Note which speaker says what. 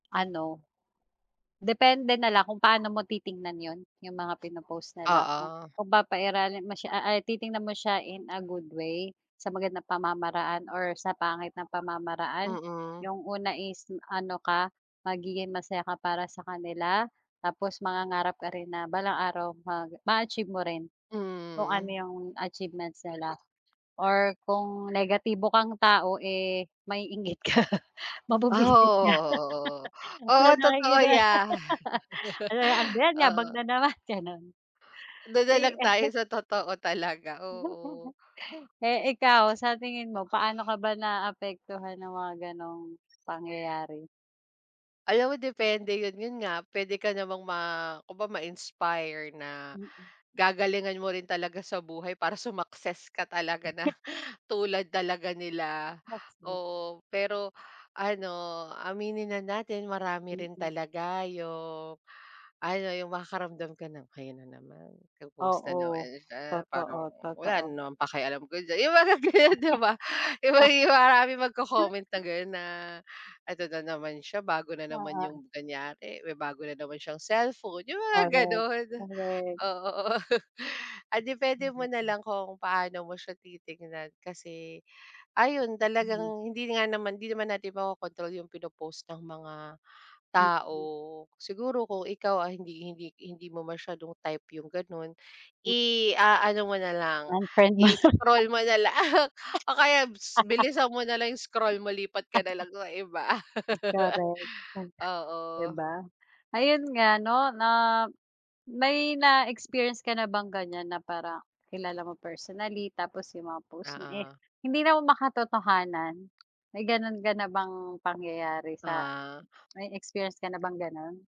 Speaker 1: Ano, depende na lang kung paano mo titingnan yun yung mga pinopost nila kung
Speaker 2: Oo.
Speaker 1: papairalin mo siya a ay titingnan mo siya in a good way sa magandang pamamaraan or sa pangit na pamamaraan.
Speaker 2: Mm.
Speaker 1: Yung una is ano ka magiging masaya ka para sa kanila tapos mangangarap ka rin na balang araw ma maa-achieve mo rin kung ano
Speaker 2: Mm.
Speaker 1: yung achievements nila or kung negatibo kang tao, eh, maiinggit ka
Speaker 2: Ah, oo,
Speaker 1: mabubwisit ka
Speaker 2: oo, oo. Oo
Speaker 1: sa
Speaker 2: totoo
Speaker 1: nakikita mo
Speaker 2: ya.
Speaker 1: "ano ba yan yabang
Speaker 2: Oo.
Speaker 1: na naman," gano'n.
Speaker 2: Do'n na
Speaker 1: Eh
Speaker 2: lang tayo sa totoo talaga, oo.
Speaker 1: eh, ikaw sa tingin mo paano ka ba naapektuhan ng mga ganong pangyayari?
Speaker 2: Alam mo depende yun, yun nga puwede ka namang ma kumbaga ma-inspire na
Speaker 1: Mm.
Speaker 2: gagalingan mo rin talaga sa buhay para sumaccess ka talaga na tulad talaga nila,
Speaker 1: [unintelligible]
Speaker 2: oo. Pero ano, aminin na natin marami rin
Speaker 1: Mm.
Speaker 2: talaga yung, ano yung makakaramdam ka ng, "ayan na naman po-post na naman
Speaker 1: Oo.
Speaker 2: siya parang
Speaker 1: Totoo,
Speaker 2: wala
Speaker 1: totoo.
Speaker 2: rin naman pakialam ko diyan" yung mga ganyan di ba? yung may mga maraming magcocomment na gano'n na, "Eto na naman siya bago na naman-"
Speaker 1: Oo.
Speaker 2: yung kanyari "...May bago na naman siyang cellphone" yung mga
Speaker 1: Korek,
Speaker 2: gano'n,
Speaker 1: korek.
Speaker 2: oo, oo. Ah, depende mo
Speaker 1: [unintelligible]
Speaker 2: nalang kung paano mo siya titignan kasi, ayun
Speaker 1: Mhm
Speaker 2: talagang hindi nga naman hindi naman natin makokontrol yung pino-post ng mga
Speaker 1: Mm.
Speaker 2: tao. Siguro kung ikaw ay hindi hindi hindi mo masyadong type yung gano'n.
Speaker 1: M
Speaker 2: I-aano mo nalang
Speaker 1: Unfiriend mo na lang.
Speaker 2: i-scroll mo na lang o kaya bis bilisan mo nalang yung scroll mo lipat ka nalang sa iba.
Speaker 1: Correct [unintelligible] di
Speaker 2: Oo.
Speaker 1: ba? Ayun nga 'no na may na-experience ka na bang ganyan na parang kilala mo personally tapos yung mga post niya, eh,
Speaker 2: Oo.
Speaker 1: hindi naman makatotohanan, may gano'n ka na bang pangyayari sa
Speaker 2: Ah.
Speaker 1: may experience ka na bang gano'n?